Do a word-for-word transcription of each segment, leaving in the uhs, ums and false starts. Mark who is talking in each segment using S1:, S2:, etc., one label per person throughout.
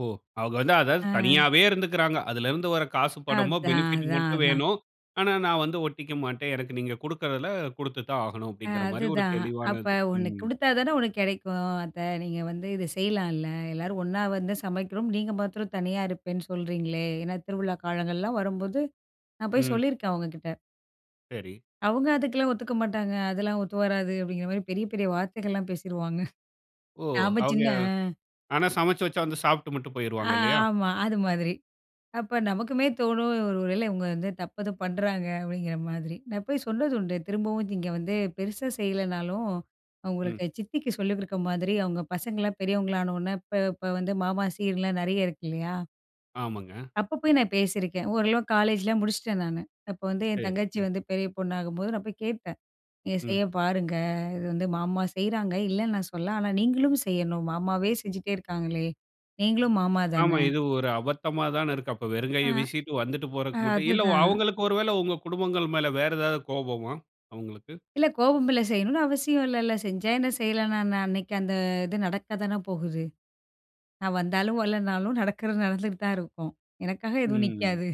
S1: ஓ! அவங்க வந்து அதாவது
S2: அ.
S1: தனியாவே இருந்துகிறாங்க. அதிலிருந்து வர்ற காசு பணமோ,
S2: அதான்.
S1: பெனிபிட்
S2: அதான்,
S1: மட்டும்
S2: அதான்.
S1: வேணும். ஆனா நான் வந்து ஒட்டிக்க மாட்டேன். எனக்கு நீங்க குடுக்கிறதுல கொடுத்து தான் ஆகணும்
S2: ஆ
S1: அப்படின்கிற மாதிரி ஒரு
S2: அதுதான். அப்ப
S1: தெளிவானது.
S2: ஒண்ணு
S1: ம்.
S2: குடுத்தா தானே ஒண்ணு கிடைக்கும் அத்தை. நீங்க வந்து இத செய்யலாம்ல, எல்லாரும் ஒண்ணா வந்து சமைக்கிறோம். நீங்க மாத்திரம் தனியா இருப்பேன்னு சொல்கிறீங்களே. ஏன்னா திருவிழா காலங்கள்லாம் வரும்போது நான் போய்
S1: ம்.
S2: சொல்லியிருக்கேன், அவுங்ககிட்ட.
S1: சரி.
S2: அவுங்க அதுக்கெல்லாம் ஒத்துக்க மாட்டாங்க. "அதெல்லாம் ஒத்து வராது." அப்படிங்கிற மாதிரி பெரிய, பெரிய வார்த்தைகள்லாம் பேசிருவாங்க.
S1: ஓ!
S2: நாம
S1: அவங்க.
S2: சின்ன
S1: ஆனா
S2: அ.
S1: சமைச்சு வைச்சா வந்து சாப்பிட்டு மட்டும்
S2: ஆ
S1: போய்ருவாங்க இல்லையா?
S2: ஆமா அது மாதிரி. அப்ப நமக்குமே தோணும், ஒருவேள இவுங்க வந்து தப்பு ஏதும் பண்றாங்க அப்படிங்கிற மாதிரி. நான் போய் சொன்னது உண்டு, திரும்பவும் நீங்க வந்து பெருசா செய்யலனாலும்
S1: ம்.
S2: அவுங்களுக்கு சித்திக்கு சொல்லி கொடுக்கற மாதிரி. அவங்க பசங்களாம் பெரியவங்கள ஆன உடனே, இப்போ இப்ப வந்து மாமா சீர்லாம் நெறைய இருக்கு இல்லையா.
S1: ஆமாங்க.
S2: அப்ப போய் நான் பேசியிருக்கேன். ஓரளவுக்கு காலேஜ்லாம் முடிச்சுட்டேன் நானு, அப்போ வந்து என்
S1: சரி,
S2: தங்கச்சி
S1: சரி.
S2: வந்து பெரிய பொண்ணாகும்போது நான் போய் கேட்பேன், எ
S1: ம்.
S2: செய்ய பாருங்க இது வந்து மாமா செய்றாங்க, இல்லன்னு நான் சொல்லல. ஆனா நீங்களும் செய்யணும், மாமாவே செஞ்சுட்டே இருக்காங்களே! நீங்களும் மாமா
S1: ஆமா.
S2: தானே.
S1: இது ஒரு அபத்தமா தானே இருக்கு அப்ப
S2: அ.
S1: வெறுங்கைய வீசிட்டு வந்துட்டு
S2: ஆ,
S1: போறதுக்கு மட்டும் இல்ல
S2: அதுதான்.
S1: அவங்களுக்கு ஒருவேள உங்க குடும்பங்கள் மேல வேற ஏதாவது கோபமா, அவுங்களுக்கு?
S2: இல்ல கோபம் இல்ல. செய்யணும்னு அவசியம் இல்லல்ல, செஞ்சா என்ன செய்யலனா என்ன? அன்னைக்கு அந்த இது நடக்கத்தானே போகுது. நான் வந்தாலும் வரலைன்னாலும் நடக்குறது நடந்துட்டு தான் இருக்கும். எனக்காக எதுவும்
S1: ம்.
S2: நிக்காது.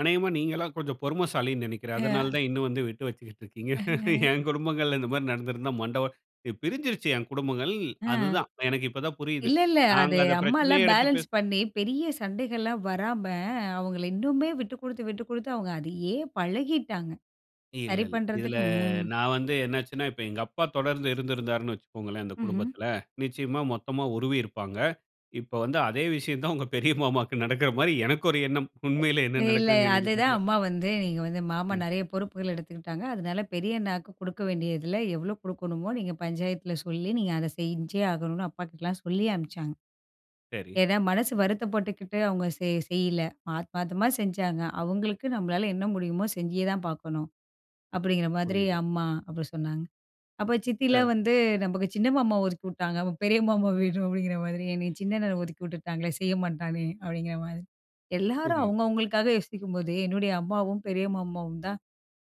S1: அனேகமா நீங்கலாம் கொஞ்சம் பொறுமைசாலின்னு நினைக்கிறேன். அதனால
S2: அ.
S1: தான் இன்னும் வந்து விட்டு வச்சுகிட்டு இருக்கீங்க.
S2: [unintelligible]
S1: என் குடும்பங்கள்ல இந்த மாதிரி நடந்திருந்தா, மண்ட ஒ பிரிஞ்சுருச்சு என் குடும்பங்கள்,
S2: ஆ.
S1: அது தான். எனக்கு இப்ப தான் புரியுது.
S2: இல்ல, இல்ல. அது
S1: நாங்க அத பிரச்சனையே
S2: அம்மாலாம்
S1: எடுத்து
S2: பேலன்ஸ்
S1: பேசு
S2: பண்ணி பெரிய சண்டைகள்லாம் வராம அவுங்கள இன்னுமே விட்டுக்குடுத்து, விட்டுக்குடுத்து அவுங்க அதையே பழகிட்டாங்க.
S1: இல்ல,
S2: சரி
S1: இல்ல. இதுல
S2: பண்றதுக்கு. மோம்
S1: நான் வந்து என்ன ஆச்சுனா, இப்ப எங்க அப்பா தொடர்ந்து இருந்திருந்தாருன்னு வச்சுக்கோங்களேன் அந்த
S2: ம்ஹ்ம்.
S1: குடும்பத்துல, நிச்சயமா மொத்தமா உருவி இருப்பாங்க. இப்போ வந்து அதே விஷயம் தான் உங்க பெரிய மாமாவுக்கு நடக்குற மாரி எனக்கு ஒரு எண்ணம். உண்மையிலே என்ன
S2: எ இல்ல,
S1: நடக்குதுன்னு எனக்கு
S2: அதுதான்
S1: தெரியல.
S2: அம்மா வந்து நீங்க வந்து மாமா
S1: ம்.
S2: நெறயா பொறுப்புகள் எடுத்துக்கிட்டாங்க, அதுனால பெரிய அண்ணாக்கு கொடுக்க வேண்டியதுல எவ்ளோ கொடுக்கணுமோ, நீங்க பஞ்சாயத்துல சொல்லி நீங்க அத செஞ்சே ஆகணும்னு, அப்பாகிட்டலாம் சொல்லி அனுப்ச்சாங்க.
S1: சரி.
S2: ஏன்னா மனசு வருத்தப்பட்டுக்கிட்டு அவுங்க செய் செய்யல. ஆத்மாதமா செஞ்சாங்க, அவுங்களுக்கு நம்மளால என்ன முடியுமோ செஞ்சியே தான் பார்க்கணும். அப்படிங்கிற மாதிரி
S1: புரியுது.
S2: அம்மா, அப்படி சொன்னாங்க. அப்போ சித்திலாம்
S1: அ.
S2: வந்து "நமக்கு சின்ன மாமா ஒதுக்கிவுட்டாங்க, அப்ப பெரிய மாமா வேணும்" அப்படிங்கிற மாதிரி. "என்னய சின்ன அண்ணன ஒதுக்கி விட்டுட்டாங்களே செய்ய மாட்டானே!" அப்படிங்கிற மாதிரி. எல்லாரும்
S1: புரியுது.
S2: அவங்கவங்களுக்காக யோசிக்கும்போது என்னுடைய அம்மாவும், பெரிய மாமாவும் தான்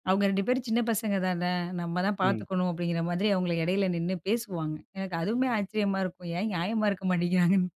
S2: "அவங்க ரெண்டு பேரும் சின்ன பசங்க தானே, நம்ம தான்
S1: ம்.
S2: பார்த்துக்கணும்." அப்படிங்கிற மாதிரி. அவுங்கள இடையில நின்னு பேசுவாங்க. எனக்கு அதுவுமே ஆச்சரியமா இருக்கும். ஏன் நியாயமா இருக்க மாட்டேங்கிறாங்கன்னு?